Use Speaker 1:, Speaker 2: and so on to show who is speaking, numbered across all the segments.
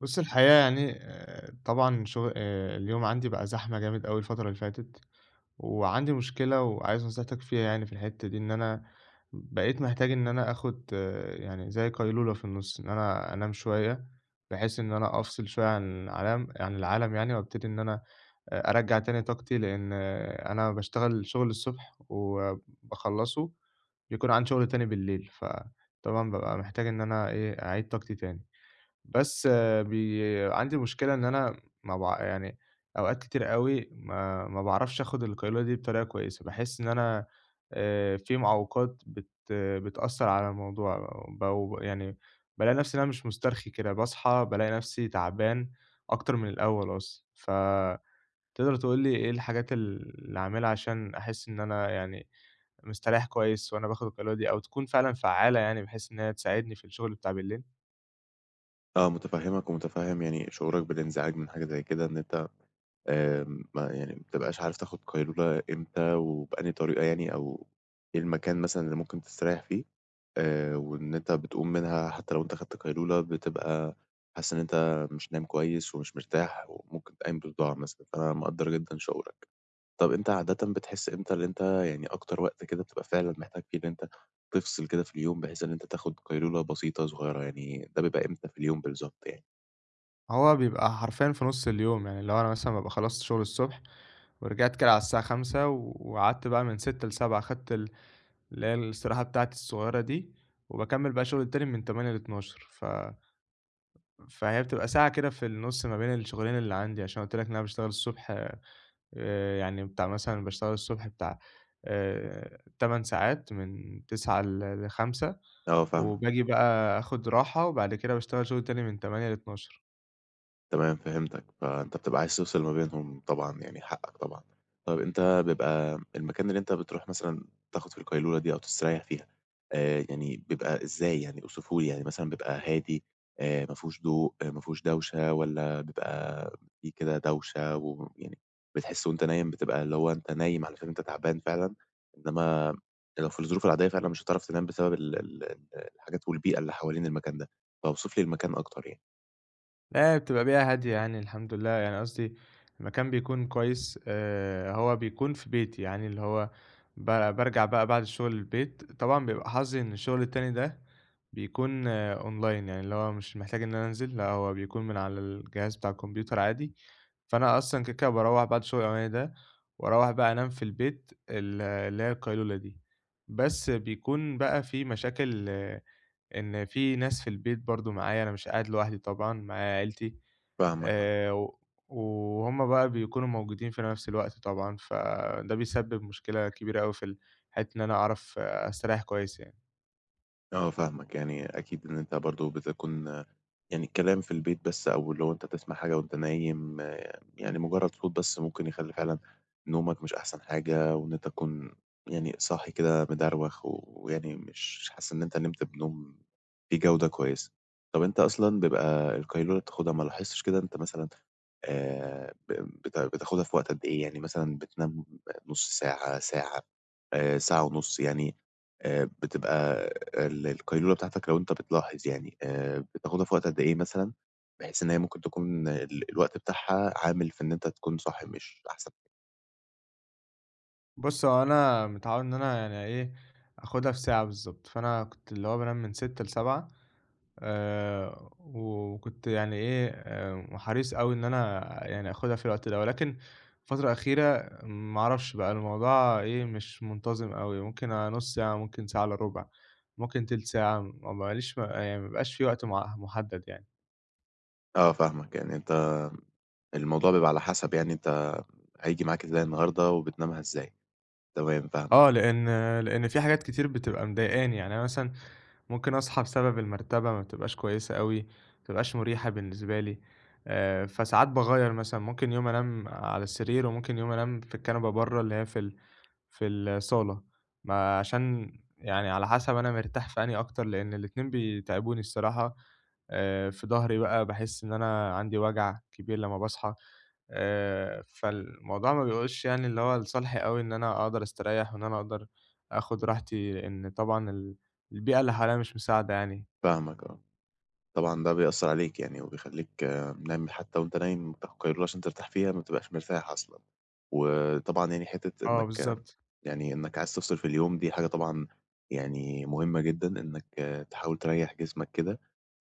Speaker 1: بُصّ، الحقيقة يعني آآ، طبعًا شغ آآ، اليوم عندي بقى زحمة جامد أوي الفترة اللي فاتت، وعندي مشكلة وعايز نصيحتك فيها يعني في الحتة دي، إن أنا بقيت محتاج إن أنا آخد يعني زي قيلولة في النُصّ، إن أنا أنام شوية، بحيث إن أنا أفصِل شوية عن علم عن العالم يعني وأبتدي إن أنا آآ أرجّع تاني طاقتي، لأن أنا باشتغل شغل الصبح وباخلّصه، بيكون عندي شغل تاني بالليل، فطبعًا بابقى محتاج إن أنا إيه أعيد طاقتي تاني. بس بي عندي مشكلة إن أنا ما باع يعني أوقات كتير أوي ما ما باعرفش أخد القيلولة دي بطريقة كويسة، باحس إن أنا آآ، في معوّقات بت بتأثّر على الموضوع بو ب يعني بالاقي نفسي إن أنا مش مُسترخي كده، باصحى بالاقي نفسي تعبان أكتر من الأول أصلًا، ف تقدر تقول لي إيه الحاجات ال اللي أعملها عشان أحس إن أنا يعني مستريّح كويس وأنا باخد القيلولة دي، أو تكون فعلًا فعالة يعني بحيث إن هي تساعدني في الشغل بتاع بالليل؟
Speaker 2: آه، متفهّمك ومتفهم يعني شعورك بالإنزعاج من حاجة زي كده إن أنت آآ، ما يعني ما بتبقاش عارف تاخد قيلولة إمتى وبأنهى طريقة يعني، أو إيه المكان مثلًا اللي ممكن تستريح فيه آآ، وإن أنت بتقوم منها حتى لو أنت خدت قيلولة بتبقى حاسس إن أنت مش نايم كويس، ومش مرتاح وممكن تبقي قايم بصداع مثلًا، فأنا مقدّر جدًا شعورك. طَب أنت عادةً بتحس إمتى إن أنت يعني أكتر وقت كده بتبقى فعلًا محتاج فيه إن أنت تفصِل كده في اليوم، بحيث إن أنت تاخُد قيلولة بسيطة صغيرة، يعني ده بيبقى إمتى في اليوم بالضبط يعني؟
Speaker 1: هو بيبقى حرفياً في نُص اليوم، يعني لو أنا مثلًا بابقى خلصت شغل الصبح، ورجعت كده على الساعة 17:00 وقعدت بقى من 18:00 ل19:00 خَدت ال اللي هي الاستراحة بتاعتي الصُغيّرة دي، وباكمّل بقى الشغل التاني من 20:00 ل00:00 ف فهي بتبقى ساعة كده في النص ما بين الشغلين اللي عندي، عشان أنا قُلت لك إن أنا باشتغل الصبح آآ يعني بتاع مثلًا باشتغل الصبح بتاع آآ 8 ساعات من 09:00 ل ل17:00
Speaker 2: آه فاهمك.
Speaker 1: وباجي بقى أخُد راحة وبعد كده باشتغل شغل تاني من 20:00 ل00:00.
Speaker 2: تمام فهمتك، فأنت بتبقى عايز تفصل ما بينهم طبعًا يعني حقك طبعًا، طيب أنت بيبقى المكان اللي أنت بتروح مثلًا تاخُد فيه القيلولة دي أو تستريّح فيها، آآ يعني بيبقى إزاي يعني أوصفه لي، يعني مثلًا بيبقى هادي آآ ما فيهوش ضوء ما فيهوش دوشة، والّا بيبقى في كده دوشة ويعني بتحِس وأنت نايم بتبقى اللي هو أنت نايم علشان أنت تعبان فعلًا، إنما لو في الظروف العادية فعلًا مش هتعرف تنام بسبب ال ال الحاجات والبيئة اللي حوالين المكان ده، فاوصف لي المكان أكتر يعني.
Speaker 1: لا بتبقى بيئة هادية يعني الحمد لله، يعني قصدي المكان بيكون كويس آآ هو بيكون في بيتي يعني اللي هو ب بارجَع بقى بعد الشغل البيت، طبعًا بيبقى حظي إن الشغل التاني ده بيكون أونلاين يعني اللي هو مش محتاج إن أنا أنزل، لا هو بيكون من على الجهاز بتاع الكمبيوتر عادي، فأنا أصلًا كده كده باروّح بعد الشغل الأولاني ده، وأروّح بقى أنام في البيت ال اللي هي القيلولة دي، بس بيكون بقى في مشاكل إن في ناس في البيت برضه معايا أنا مش قاعد لوحدي طبعًا معايا عيلتي،
Speaker 2: فاهمك آه.
Speaker 1: آآ و وهُم بقى بيكونوا موجودين في نفس الوقت طبعًا، فده بيسبب مشكلة كبيرة أوي في ال حتّة إن أنا أعرف أستريّح كويس يعني.
Speaker 2: آه فاهمك، يعني أكيد إن أنت برضه بتكُون يعني الكلام في البيت بس أو اللي هو أنت تسمَع حاجة وأنت نايم يعني مجرّد صوت بس ممكن يخلّي فعلًا نومك مش أحسن حاجة وإن أنت تكُون يعني صاحي كده مدروَخ ويعني مش حاسس إن أنت نِمت بنوم فيه جودة كويسة. طَب أنت أصلًا بيبقى القيلولة بتاخدها، ما لاحظتش كده أنت مثلًا آآ ب بت بتاخدها في وقت قد إيه؟ يعني مثلًا بتنام نُص ساعة، ساعة آآ، ساعة ونُص يعني، آآ بتبقى ال القيلولة بتاعتك لو أنت بتلاحظ يعني آآ بتاخدها في وقت قد إيه مثلًا بحيث إن هي ممكن تكون ال الوقت بتاعها عامل في إن أنت تكون صاحي مش أحسن
Speaker 1: بُصّ، هو أنا متعوّد إن أنا يعني إيه آخُدها في ساعة بالضبط، فأنا كنت اللي هو بانام من 18:00 ل19:00 آآ وكنت يعني إيه، آآ وحريص أوي إن أنا يعني آخُدها في الوقت ده، ولكن الفترة الأخيرة ما أعرَفش بقى الموضوع إيه، مش منتظِم أوي، ممكن آآ نُص ساعة، ممكن ساعة إلّا رُبع، ممكن تِلت ساعة، م مابقاليش ما بيبقاش في وقت م مُحدَّد يعني.
Speaker 2: آه فاهمك، يعني أنت الموضوع بيبقى على حسَب، يعني أنت هييجي معاك إزاي النهارده وبتنامها إزاي، تمام
Speaker 1: آه
Speaker 2: فاهمك.
Speaker 1: لأن لأن في حاجات كتير بتبقى مضايقاني، يعني أنا مثلًا ممكن أصحى بسبب المرتَبة ما بتبقاش كويسة أوي، ما بتبقاش مُرِيحة بالنسبة لي، آآ فساعات باغيّر مثلًا، ممكن يوم أنام على السرير وممكن يوم أنام في الكنبة برّه، اللي هي في ال في الصالة، ما عشان يعني على حسب أنا مرتاح في أنهي أكتر، لأن الاتنين بيتعِبوني الصراحة آآ، في ضهري بقى باحس إن أنا عندي وجَع كبير لمّا باصحى آآ، فالموضوع ما بيؤولش يعني اللي هو لصالحي أوي إن أنا أقدَر أستريّح وإن أنا أقدَر آخُد راحتي إن طبعًا ال البيئة اللي حواليّا مش مساعدة يعني.
Speaker 2: فاهمك، آه. طبعًا ده بيأثّر عليك يعني وبيخلّيك نايم ل حتى وأنت نايم بتاخد قيلولة عشان ترتاح فيها ما بتبقاش مرتاح أصلًا، وطبعًا يعني حِتّة
Speaker 1: آه
Speaker 2: إنك
Speaker 1: بالضبط.
Speaker 2: يعني إنك عايز تفصِل في اليوم دي حاجة طبعًا يعني مهمّة جدًا، إنك تحاول تريّح جسمك كده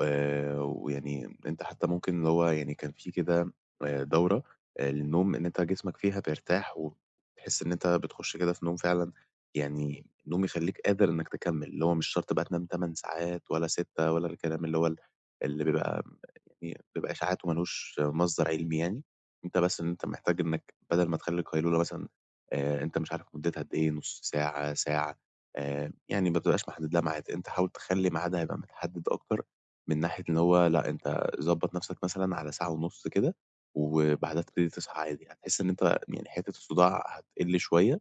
Speaker 2: آآ ويعني أنت حتى ممكن اللي هو يعني كان في كده آآ دورة للنوم إن أنت جسمك فيها بيرتاح وبتحس إن أنت بتخش كده في نوم فعلًا يعني نوم يخلّيك قادر إنك تكمل اللي هو مش شرط بقى تنام 8 ساعات ولا 6 ولا الكلام اللي هو ال اللي بيبقى [unintelligible] بيبقى إشاعات وما لوش مصدَر علمي يعني، أنت بس أنت محتاج إنك بدَل ما تخلّي القيلولة مثلًا آآ أنت مش عارف مُدّتها قد إيه، نُص ساعة، ساعة آآ، يعني ما بتبقاش محدّد لها ميعاد، أنت حاول تخلّي ميعادها يبقى متحدّد أكتر من ناحية إن هو، لأ أنت ضبّط نَفْسك مثلًا على ساعة ونُص كده وبعدها تبتدي تصحى عادي يعني، هتحس إن أنت يعني حِتّة الصُّداع هتقِل شوية،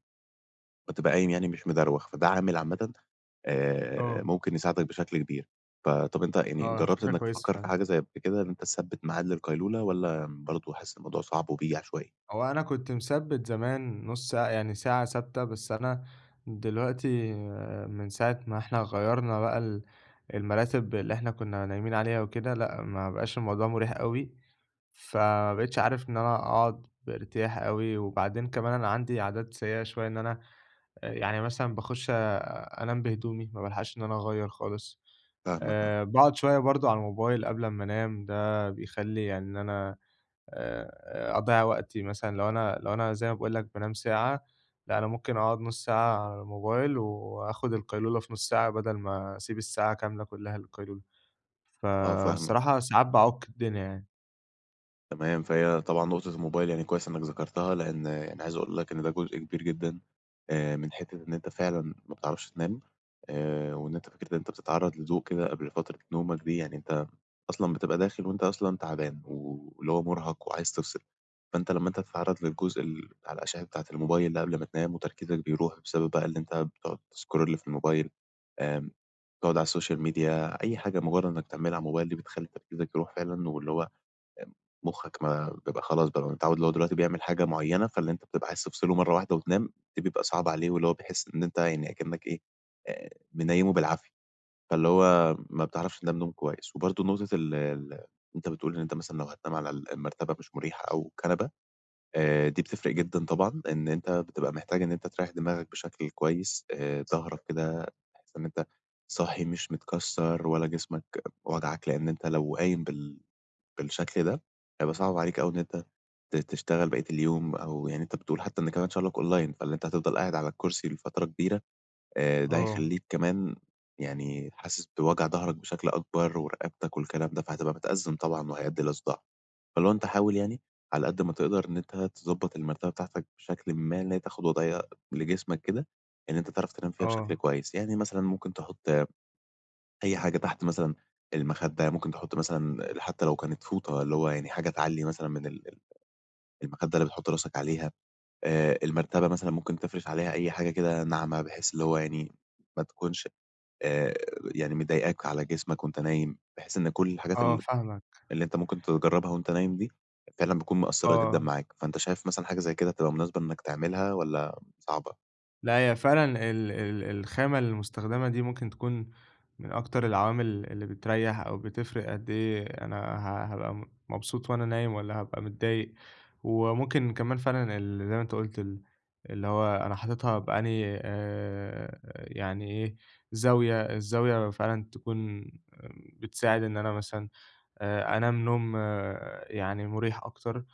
Speaker 2: وتبقى قايم يعني مش مدروَخ، فده عامل عامةً آآ
Speaker 1: آه.
Speaker 2: ممكن يساعدك بشكل كبير. ف طَب أنت يعني
Speaker 1: آه،
Speaker 2: جرّبت
Speaker 1: فكرة
Speaker 2: إنك
Speaker 1: كويسة
Speaker 2: تفكّر في
Speaker 1: فعلًا.
Speaker 2: حاجة زي كده، إن أنت تثبّت معاد للقيلولة والّا برضه حاسس الموضوع صعب وبييجي عشوائي؟
Speaker 1: هو أنا كنت مثبّت زمان نُص ساعة، يعني ساعة ثابتة، بس أنا دلوقتي من ساعة ما إحنا غيّرنا بقى ال المراتب اللي إحنا كنا نايمين عليها وكده، لأ، ما بقاش الموضوع مُرِيح أوي فما بقيتش عارف إن أنا أقعُد بارتياح أوي وبعدين كمان أنا عندي عادات سيئة شوية، إن أنا يعني مثلًا باخُش أنام بهدومي، ما بالحَقش إن أنا أغيّر خالص،
Speaker 2: فاهمك، آه.
Speaker 1: آآ باقعد شوية برضه على الموبايل قبل أمّا أنام، ده بيخلّي يعني إن أنا آآ أضيّع وقتي مثلًا لو أنا لو أنا زي ما باقول لك بانام ساعة، لأ أنا ممكن أقعد نُص ساعة على الموبايل وآخُد القيلولة في نُص ساعة بدل ما أسيب الساعة كاملة كلّها للقيلولة،
Speaker 2: آه، فاهمك.
Speaker 1: فالصراحة ساعات بأعُك الدنيا يعني.
Speaker 2: تمام، فهي طبعًا نقطة الموبايل يعني كويس إنّك ذكرتها لإن أنا عايز أقول لك إن ده جزء كبير جدًا آآ من حتّة إن أنت فعلًا ما بتعرفش تنام آآ وإن أنت فكرة إن أنت بتتعرّض لضوء كده قبل فترة نومك دي يعني أنت أصلًا بتبقى داخل وأنت أصلًا تَعبان و واللي هو مُرهَق وعايز تفصل، فأنت لمّا أنت تتعرّض للجزء ال على الأشعة بتاعة الموبايل اللي قبل ما تنام وتركيزك بيروح بسبب بقى اللي أنت بتقعُد تscroll في الموبايل، آمم تقعُد على السوشيال ميديا أي حاجة مُجرّد إنّك لتعملها على الموبايل دي بتخلّي تركيزك يروح فعلًا واللي هو آمم مُخّك ما بيبقى خلاص متعوّد اللي هو دلوقتي بيعمل حاجة معيّنة، فاللي أنت بتبقى عايز تفصله مرّة واحدة وتنام دي بيبقى صعبة عليه واللي هو بيحس إن أنت يعني أكِنّك إيه، آآ منيّمه بالعافية، فاللي هو ما بتعرفش تنام نوم كويس. وبرضه نقطة ال ال أنت بتقول إن أنت مثلًا لو هتنام على ال المرتبة مش مُريحة أو كنبة، آآ دي بتفرق جدًا طبعًا إن أنت بتبقى محتاج إن أنت تريّح دماغك بشكل كويس، آآ ضهرك كده تحس إن أنت صاحي مش متكسّر ولا جسمك واجعك لإن أنت لو قايم بال بالشكل ده، هيبقى صعب عليك أوي إن أنت ت تشتغل بقية اليوم أو يعني أنت بتقول حتّى كمان شُغلك أونلاين، فاللي أنت هتفضل قاعد على الكُرسي لفترة كبيرة، آآ ده
Speaker 1: آه.
Speaker 2: هيخلّيك كمان يعني حاسس بوجع ضهرك بشكل أكبر ورقبتك والكلام ده فهتبقى متأزّم طبعًا وهيأدّي إلى صُداع. فاللي هو أنت حاول يعني على قد ما تقدر إن أنت تضبّط المرتبة بتاعتك بشكلٍ ما إن هي تاخُد وضيعية لجسمك كده إن أنت تعرف تنام فيها بشكل
Speaker 1: آه.
Speaker 2: كويس. يعني مثلًا ممكن تحُط أي حاجة تحت مثلًا المخدة، يعني ممكن تحُط مثلًا حتّى لو كانت فوطة اللي هو يعني حاجة تعلّي مثلًا من ال ال المخدة اللي بتحُط راسك عليها، آآ المرتبة مثلًا ممكن تفرش عليها أي حاجة كده ناعمة بحيث اللي هو يعني ما تكونش آآ يعني مضايقاك على جسمك وأنت نايم بحيث إن كل الحاجات
Speaker 1: آه
Speaker 2: ال
Speaker 1: فاهمك.
Speaker 2: اللي أنت ممكن تجرّبها وأنت نايم دي فعلًا بتكون مأثّرة جدًا
Speaker 1: آه.
Speaker 2: معاك، فأنت شايف مثلًا حاجة زي كده تبقى مناسبة إنّك تعملها والّا صعبة؟
Speaker 1: لأ، هي فعلًا ال ال الخامة المستخدَمة دي، ممكن تكون من أكتر العوامل اللي بتريح أو بتفرِّق، قد إيه أنا ه هابقى م مبسوط وأنا نايم والّا هابقى متضايق. وممكن كمان فعلًا، ال زي ما أنت قُلت، ال اللي هو أنا حاططها بأنهي، آآ، يعني إيه، زاوية الزاوية فعلًا تكون بتساعد، إن أنا مثلًا، آآ، أنام نوم يعني، مريح أكتر.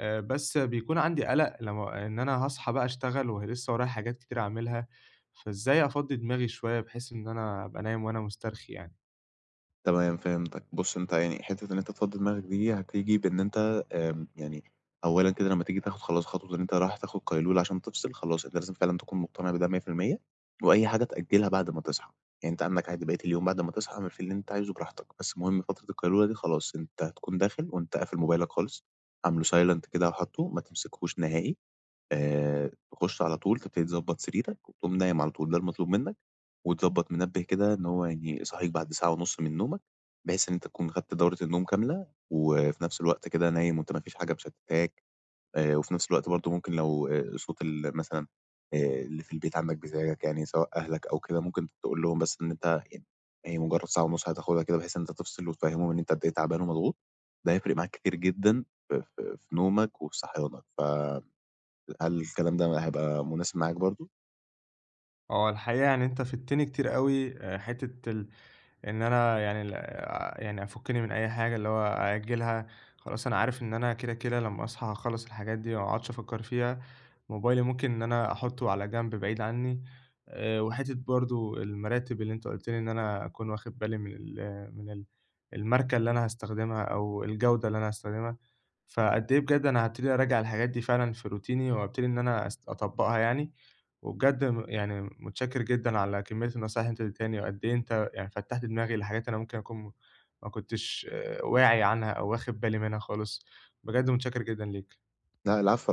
Speaker 1: آآ، بس بيكون عندي قلق، لمّا إن أنا هاصحى بقى أشتغل، ولسه ورايا حاجات كتير أعاملها. فإزاي أفضِّي دماغي شوية، بحيث إن أنا أبقى نايم وأنا مسترخي يعني؟
Speaker 2: تمام، فهمتك. بُص، أنت يعني حتة إن أنت تفضِّي دماغك دي، هتيجي بإن أنت آمم، يعني، أولًا كده لمّا تيجي تاخد خلاص، خطوة إن أنت رايح تاخد قيلولة عشان تفصل، خلاص، أنت لازم فعلًا تكون مقتنع بده 100%، وأي حاجة تأجِّلها بعد ما تصحى، يعني أنت عندك عادي، بقية اليوم بعد ما تصحى، اعمل فيه اللي أنت عايزه، براحتك. بس المهم، فترة القيلولة دي، خلاص أنت هتكون داخل وأنت قافل موبايلك خالص، عامله silent كده، وحاطُّه، ما تمسكوش نهائي. آآ، تخش على طول، تبتدي تضبّط سريرك وتقوم نايم على طول. ده المطلوب منك. وتضبِّط منبِّه كده، إن هو يعني يصحِّيك بعد ساعة ونص من نومك، بحيث إن أنت تكون خدت دورة النوم كاملة. وفي نفس الوقت كده، نايم وأنت ما فيش حاجة مشتِّتاك. آآ، وفي نفس الوقت برضه، ممكن، لو آآ صوت ال مثلًا، آآ، اللي في البيت عندك، بيضايقك يعني، سواء أهلك أو كده، ممكن تقول لهم، بس، إن أنت يعني هي مجرَّد ساعة ونص هتاخدها كده، بحيث إن أنت تفصل، وتفهِّمهم أنت قد إيه تعبان ومضغوط. ده هيفرِق معاك كتير جدًا في في في نومك وصحيانك. ف هل الكلام ده هيبقى مناسب معاك برضه؟
Speaker 1: هو الحقيقة، يعني أنت فِدتني كتير أوي. حتة ال إن أنا يعني ال آآ، يعني، أفُكِّني من أي حاجة، اللي هو أأجِّلها، خلاص أنا عارف إن أنا كده كده لمّا أصحى هاخلِّص الحاجات دي. وما أقعدش أفكِّر فيها. موبايلي، ممكن إن أنا أحُطَّه على جنب، بعيد عني. آآ، وحتة برضه، المراتب اللي أنت قُلت لي إن أنا أكون واخِد بالي من ال من ال الماركة اللي أنا هاستخدمها أو الجودة اللي أنا هاستخدمها. فقد إيه بجد، أنا هابتدي أرجّع الحاجات دي فعلًا في روتيني، وأبتدي إن أنا أس أطبِّقها يعني. وبجد م يعني، متشكِّر جدًا على كمية النصايح اللي أنت ادِّيتهاني، وقد إيه أنت يعني فتَّحت دماغي لحاجات أنا ممكن أكون م ما كنتش واعي عنها أو واخِد بالي منها خالص. بجد، متشكِّر جدًا ليك.
Speaker 2: لأ، العفو على إيه